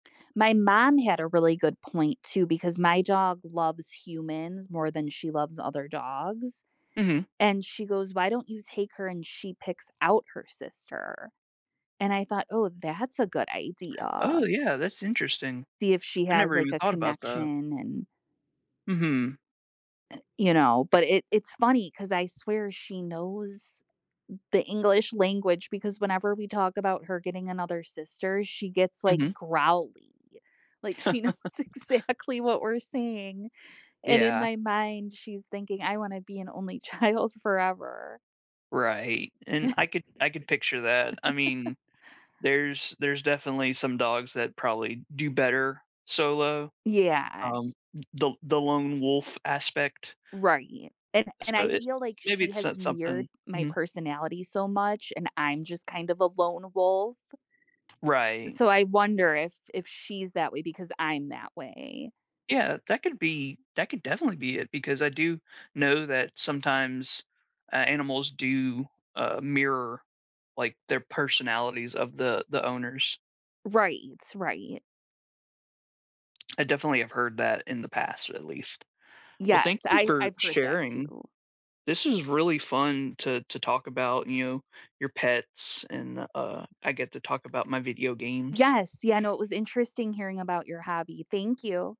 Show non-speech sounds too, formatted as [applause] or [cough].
My mom had a really good point too because my dog loves humans more than she loves other dogs, Mhm. and she goes, "Why don't you take her, and she picks out her sister," and I thought, "Oh, that's a good Oh, idea." yeah, that's interesting. See if she I has, never like, even a thought about that. connection and Mhm. Eh, you know, but it it's funny 'cause I swear she knows the English language because whenever we talk about her getting another sister, she gets, like, Mhm. growly, like she knows [laughs] exactly what we're saying, and in Yeah. my mind, she's thinking, "I wanna be an only child forever." Right, and I [chuckles] could I could picture that. I [laughs] mean, there's there's definitely some dogs that probably do better solo, Yeah. um, th the the lone wolf aspect. Right, an and So I it feel like maybe she it's so has something mirrored my Mhm. personality so much, and I'm just kind of a lone wolf. Right. So I wonder if if she's that way because I'm that way. Yeah, that could be that could definitely be it because I do know that sometimes a animals do, uh, mirror, like, their personalities of the the owners. Right, right. I definitely have heard that in the past at least. Well, thank Yes, you I for I've heard that sharing. too. This was really fun to to talk about, you know, your pets and, uh, I get to talk about my video games. Yes, yeah no, it was interesting hearing about your hobby, thank you.